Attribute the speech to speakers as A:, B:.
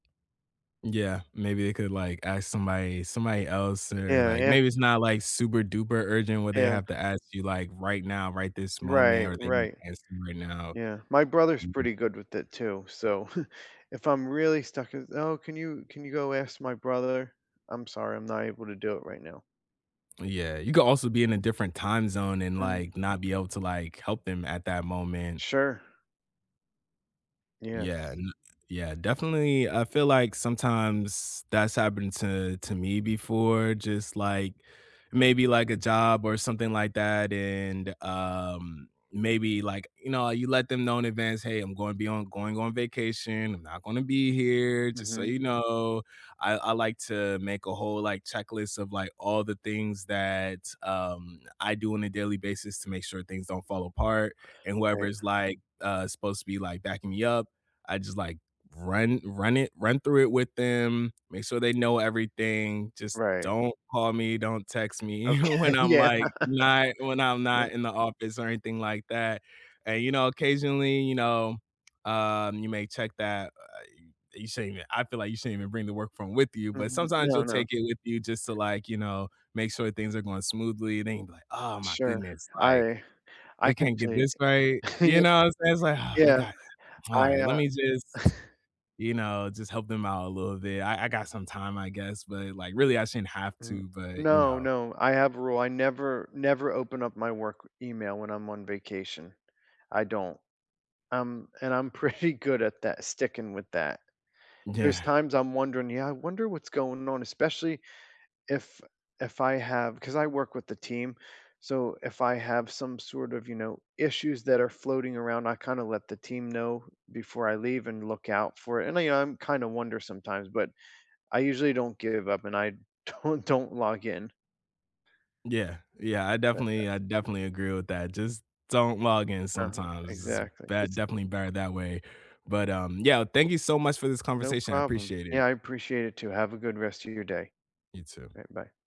A: Yeah, maybe they could, like, ask somebody somebody else or,
B: Yeah,
A: like,
B: ask
A: maybe it's not, like, super duper urgent where they
B: Yeah.
A: have to ask you, like, right now, right this moment,
B: Right,
A: or they need
B: right,
A: to ask you right now,
B: yeah, my brother's
A: mhm.
B: pretty good with it too, so, if I'm really stuck with, "Oh, can you can you go ask my brother? I'm sorry, I'm not able to do it right now."
A: Yeah, you could also be in a different time zone, and,
B: Mm.
A: like, not be able to, like, help them at that moment.
B: Sure.
A: Yeah,
B: Yes.
A: n yeah, definitely, I feel like sometimes that's happened to to me before, just, like maybe, like, a job, or something, like, that, and, um, maybe, like, you know, you let them know in advance, "Hey, I'm gonna be on going on vacation, I'm not gonna be here, just so
B: Mhm.
A: you know" I I like to make a whole, like, checklist of, like, all the things that, um, I do on a daily basis to make sure things don't fall apart, and
B: Right.
A: whoever's like uh, supposed to be, like, backing me up, I just like run run it run through it with them, make sure they know everything, just
B: Right.
A: don't call me, don't text me
B: Okay,
A: when I'm
B: yeah,
A: like, when I when I'm
B: yeah.
A: not in the office, or anything like that, and, you know, occasionally you know, um, you may check that, uh, you shouldn't even, I feel like you shouldn't even bring the work phone with you, but
B: Mhm,
A: sometimes
B: no
A: you'll
B: no.
A: take it with you just to like, you know, make sure things are going smoothly, it ain't, "Oh my
B: Sure,
A: goodness, like,
B: I I
A: they
B: can
A: can't
B: tell
A: get
B: y
A: this right,"
B: yea
A: you know what I'm saying, it's like, "Oh, they
B: yeah,
A: got
B: I
A: alright, let
B: uh
A: me just you know, just help them out a little bit, I I got some time, I guess, but, like, really I shouldn't have
B: Mm
A: to, but, you
B: no
A: know."
B: no, I have a rule, I never, never open up my work email when I'm on vacation, I don't um, and I'm pretty good at that sticking with that.
A: Yeah.
B: There's times I'm wondering, yeah, "I wonder what's going on?" especially if if I have 'cause I work with a team, so, if I have some sort of, you know, issues that are floating around, I kinda let the team know before I leave and look out for it, and I you know, I'm kinda wonder sometimes, but I usually don't give up, and I don't don't log in.
A: Yeah yeah, I
B: Uh, uh.
A: definitely I definitely agree with that, just don't log in
B: Uh-huh,
A: sometimes, it's
B: exactly,
A: bet
B: it's
A: definitely better that way, but um, yeah, thank you so much for this
B: No
A: conversation, I
B: problem,
A: appreciate it.
B: yeah, I appreciate it too. Have a good rest of your day,
A: You too.
B: alright, bye.